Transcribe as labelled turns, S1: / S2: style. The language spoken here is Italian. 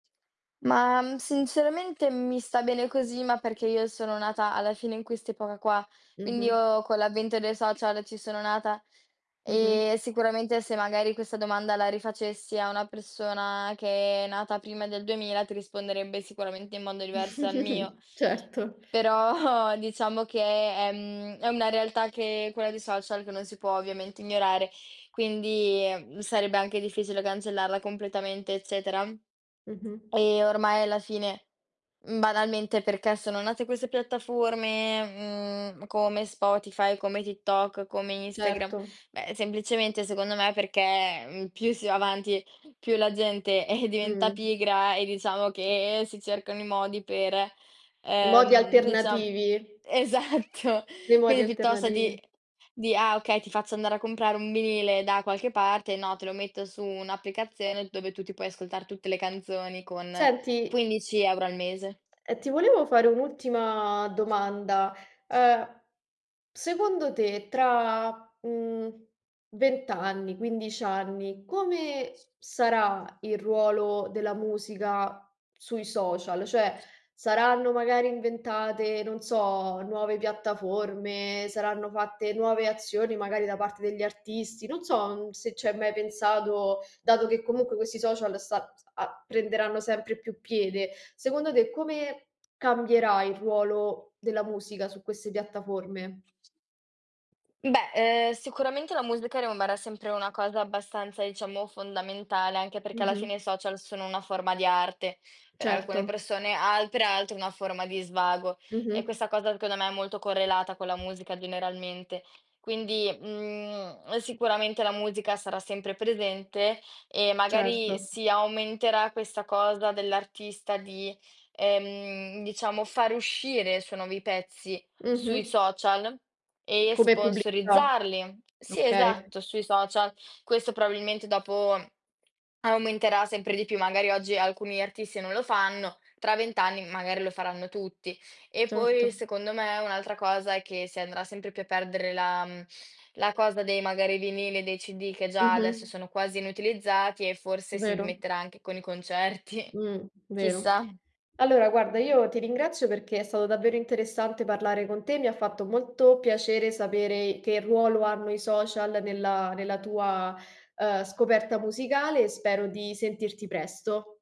S1: Ma, mhmm, sinceramente mi sta bene così, ma perché io sono nata alla fine in quest'epoca qua, quindi
S2: Mh-mh.
S1: io con l'avvento dei social ci sono nata
S2: Mh-mh.
S1: e sicuramente se magari questa domanda la rifacessi a una persona che è nata prima del 2000, ti risponderebbe sicuramente in modo diverso dal mio.
S2: Certo.
S1: Però diciamo che è mhmm, è una realtà che quella dei social, che non si può ovviamente ignorare, quindi sarebbe anche difficile cancellarla completamente, eccetera.
S2: Mh-mh.
S1: E ormai alla fine, mhmm, banalmente, perché sono nate queste piattaforme, mhmm, come Spotify, come TikTok, come Instagram,
S2: Certo.
S1: beh, semplicemente secondo me perché, mhmm, più si va avanti, più la gente, eh, diventa
S2: Mh.
S1: pigra e diciamo che si cercano i modi per,
S2: I modi
S1: ehm, dicia
S2: alternativi.
S1: esatto.
S2: Dei modi
S1: Quindi piuttosto di
S2: alternativi.
S1: di "ah okay, ti faccio andare a comprare un vinile da qualche parte", no, te lo metto su un'applicazione dove tu ti puoi ascoltare tutte le canzoni con
S2: Senti
S1: 15 € al mese.
S2: Ehm, ti volevo fare un'ultima domanda, uhm, secondo te tra, mhmm, 20 anni, 15 anni come sarà il ruolo della musica sui social? Cioè saranno magari inventate, non so, nuove piattaforme, saranno fatte nuove azioni magari da parte degli artisti, non so se ci hai mai pensato, dato che comunque questi social sta s a prenderanno sempre più piede. Secondo te, come cambierà il ruolo della musica su queste piattaforme?
S1: Beh, ehm, sicuramente la [unintelligible] rimarrà sempre una cosa abbastanza, diciamo, fondamentale, anche perché alla fine i
S2: Mh-mh.
S1: social sono una forma di arte, per alcune
S2: Certo.
S1: persone, altre altre una forma di svago. E
S2: Mh-mh.
S1: questa cosa secondo me è molto correlata con la musica generalmente. Quindi, mhmm, sicuramente la musica sarà sempre presente e magari
S2: Certo.
S1: si aumenterà questa cosa dell'artista di, ehm, diciamo far uscire i suoi nuovi pezzi sui
S2: Mh-mh.
S1: social e
S2: Come pubblicità,
S1: sponsorizzarli. Sì,
S2: okay.
S1: esatto, sui social. Questo probabilmente dopo, aumenterà sempre di più. Magari oggi alcuni artisti non lo fanno. Tra 20 anni magari lo faranno tutti. E poi,
S2: Certo.
S1: secondo me, un'altra cosa è che si andrà sempre più a perdere la, mhmm, la cosa dei magari vinili e dei CD che già adesso
S2: Mh-mh.
S1: sono quasi inutilizzati e forse si
S2: Vero.
S1: smetterà anche con i concerti,
S2: Mh, vero.
S1: chissà.
S2: Allora guarda, io ti ringrazio perché è stato davvero interessante parlare con te, mi ha fatto molto piacere sapere che ruolo hanno i social nella nella tua, uhm, scoperta musicale e spero di sentirti presto.